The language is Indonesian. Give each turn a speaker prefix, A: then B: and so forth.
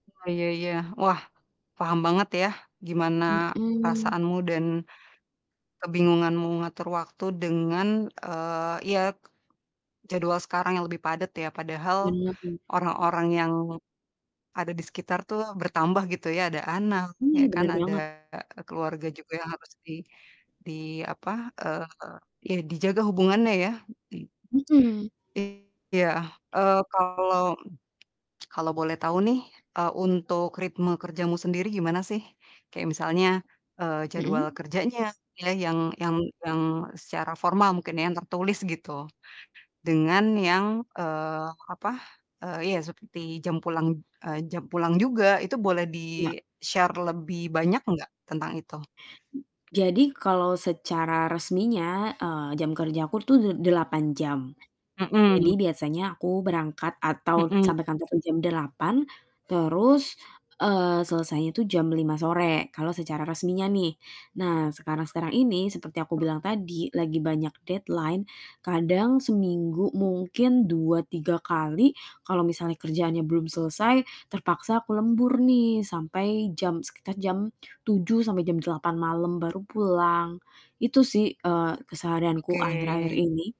A: Oh, iya iya. Wah, paham banget ya gimana
B: Mhm.
A: perasaanmu dan kebingunganmu ngatur waktu dengan, eee, ya k jadwal sekarang yang lebih padat ya. Padahal
B: Bener.
A: orang-orang yang ada di sekitar tuh bertambah gitu ya, ada anak,
B: Iya,
A: ya kan,
B: bener
A: ada
B: banget.
A: keluarga juga yang harus di di, apa, eee, ya dijaga hubungannya ya, begitu.
B: Mhm.
A: Iya, eee, kalau kalau boleh
B: Mhm.
A: tahu nih, eee, untuk ritme kerjamu sendiri gimana sih? Kayak misalnya, eee, jadwal
B: Mhm?
A: kerjanya, pilih yang yang yang secara formal mungkin ya, yang tertulis gitu. Dengan yang, eee, apa, eee, iya seperti jam pulang eee, jam pulang juga, itu boleh
B: Enggak.
A: di-share lebih banyak nggak tentang itu?
B: Jadi, kalau secara resminya, eee, jam kerjaku tuh de delapan jam, jadi
A: Mhm.
B: biasanya aku berangkat atau
A: Mhm.
B: sampai kantor tuh jam 8 terus, eee, selesainya tuh jam 05:00 sore, kalau secara resminya nih. Nah, sekarang-sekarang ini seperti yang aku
A: [unintelligible]
B: bilang tadi lagi banyak deadline, kadang seminggu mungkin 2, 3 kali kalau misalnya kerjaannya belum selesai terpaksa aku lembur nih sampai jam sekitar jam 07:00 sampai jam 08:00 malam baru pulang. Itu sih, eee, keseharianku
A: Oke.
B: akhir-akhir ini